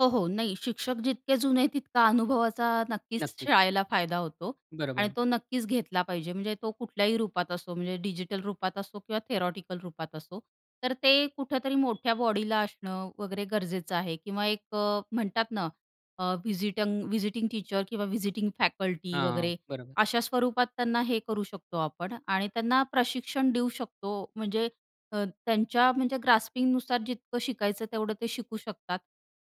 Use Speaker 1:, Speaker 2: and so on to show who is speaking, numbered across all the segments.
Speaker 1: हो, हो. नाही शिक्षक जितके जुने तितका अनुभवाचा नक्कीच
Speaker 2: नक्कीच.
Speaker 1: शाळेला फायदा होतो. आणि
Speaker 2: बरोबर.
Speaker 1: तो नक्कीच घेतला पाहिजे म्हणजे तो कुठल्याही रूपात असो म्हणजे डिजिटल रूपात असो किंवा थेरॉटिकल रूपात असो, तर ते कुठेतरी मोठ्या बॉडीला असणं वगैरे गरजेचं आहे. किंवा एक म्हणतात ना अ, व्हिजिटंग व्हिजिटिंग टीचर किंवा व्हिजिटिंग फॅकल्टी
Speaker 2: हां.
Speaker 1: वगैरे
Speaker 2: बरोबर.
Speaker 1: अशा स्वरूपात त्यांना हे करू शकतो आपण आणि त्यांना प्रशिक्षण देऊ शकतो. म्हणजे अ, त्यांच्या म्हणजे ग्रास्पिंगनुसार जितकं शिकायचं तेवढं ते शिकू शकतात.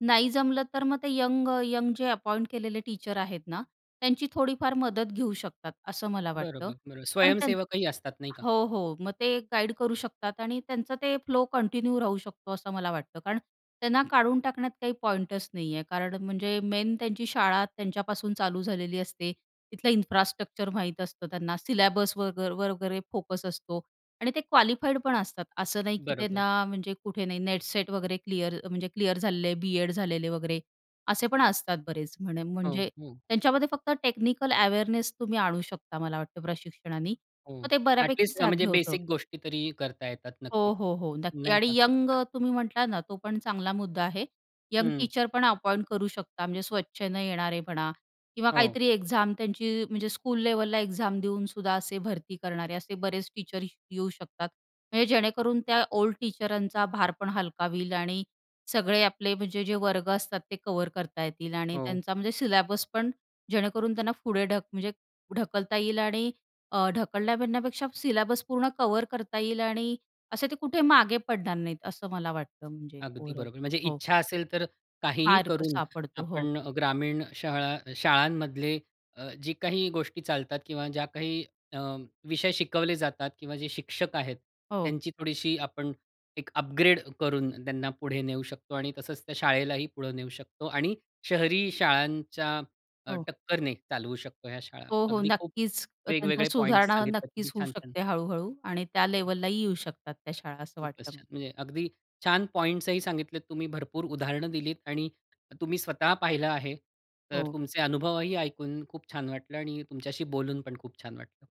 Speaker 1: नाही जमलं तर मग ते यंग-यंग जे अपॉइंट केलेले टीचर आहेत ना त्यांची थोडीफार मदत घेऊ शकतात असं मला वाटतं.
Speaker 2: बरोबर. बरोबर.
Speaker 1: पण त्यांचं
Speaker 2: स्वयंसेवकही असतात नाही का?
Speaker 1: हो, हो. मग ते गाईड करू शकतात आणि त्यांचं ते फ्लो कंटिन्यू राहू शकतो असं मला वाटतं. कारण त्यांना काढून टाकण्यात काही पॉइंटच नाहीये कारण म्हणजे मेन त्यांची शाळा त्यांच्यापासून चालू झालेली असते तिथलं इन्फ्रास्ट्रक्चर माहीत असतं त्यांना सिल्याबस वगर वगैरे फोकस असतो आणि ते क्वालिफाईड पण असतात असं नाही की
Speaker 2: बरोबर.
Speaker 1: त्यांना म्हणजे कुठे नाही नेट-सेट वगैरे क्लिअर म्हणजे क्लिअर झालेले बी.एड झालेले वगैरे असे पण असतात बरेच. म्हणे
Speaker 2: हो,
Speaker 1: म्हणजे
Speaker 2: हं.
Speaker 1: त्यांच्यामध्ये फक्त टेक्निकल अवेअरनेस तुम्ही आणू शकता मला वाटतं प्रशिक्षणाने
Speaker 2: हो.
Speaker 1: मग ते बऱ्यापैकी
Speaker 2: ॲटलीस्ट अ, म्हणजे
Speaker 1: साध्य होतं.
Speaker 2: बेसिक गोष्टी तरी करता येतात
Speaker 1: हो,
Speaker 2: नक्कीच.
Speaker 1: हो, हो. नक्की.
Speaker 2: नाही का?
Speaker 1: आणि यंग
Speaker 2: हां.
Speaker 1: तुम्ही म्हटलात ना तो पण चांगला मुद्दा आहे. यंग
Speaker 2: हं.
Speaker 1: टीचर पण अपॉइंट करू शकता म्हणजे स्व:इच्छेने येणारे म्हणा किंवा
Speaker 2: हो.
Speaker 1: काहीतरी एक्झाम त्यांची म्हणजे स्कूल लेव्हलला एक्झाम देऊन सुद्धा असे भरती करणारे असे बरेच टीचर येऊ शकतात. म्हणजे जेणेकरून त्या ओल्ड टीचरांचा भारपण हलका होईल आणि सगळे आपले म्हणजे जे वर्ग असतात ते कव्हर करता येतील आणि
Speaker 2: हो.
Speaker 1: त्यांचा म्हणजे सिल्याबस पण जेणेकरून त्यांना पुढे ढक म्हणजे ढकलता येईल आणि अ, ढकलण्या म्हणण्यापेक्षा सिल्याबस पूर्ण कव्हर करता येईल आणि असे ते कुठे मागे पडणार नाहीत असं मला वाटतं म्हणजे
Speaker 2: अगदी
Speaker 1: ओव्हरऑल.
Speaker 2: बरोबर. म्हणजे
Speaker 1: हो.
Speaker 2: इच्छा असेल तर काहीही
Speaker 1: मार्ग
Speaker 2: करून
Speaker 1: सापडतो, हो.
Speaker 2: आपण अ, ग्रामीण शाळा शाळांमधले अ, जी काही गोष्टी चालतात किंवा ज्या काही अ, विषय शिकवले जातात किंवा जे शिक्षक आहेत
Speaker 1: हो.
Speaker 2: त्यांची थोडीशी आपण एक अपग्रेड करून त्यांना पुढे नेऊ शकतो आणि तसंच त्या शाळेलाही पुढे नेऊ शकतो आणि शहरी शाळांच्या अ,
Speaker 1: हो.
Speaker 2: टक्करने चालवू शकतो ह्या शाळा.
Speaker 1: हो, हो.
Speaker 2: अगदी खूप
Speaker 1: नक्कीच. त्यांचा
Speaker 2: वेगवेगळे पॉइंट्स
Speaker 1: सुधारणा
Speaker 2: सांगितले तुम्ही
Speaker 1: नक्कीच होऊ
Speaker 2: छान, छान.
Speaker 1: शकते हळू-हळू आणि त्या लेव्हललाही येऊ शकतात त्या शाळा असं
Speaker 2: खूपच
Speaker 1: वाटतं मला.
Speaker 2: छान. म्हणजे अगदी छान पॉइंट्सही सांगितलेत तुम्ही भरपूर उदाहरणं दिलीत आणि तुम्ही स्वतः पाहिलं आहे. तर
Speaker 1: हो.
Speaker 2: तुमचे अनुभवही ऐकून खूप छान वाटलं आणि तुमच्याशी बोलून पण खूप छान वाटलं.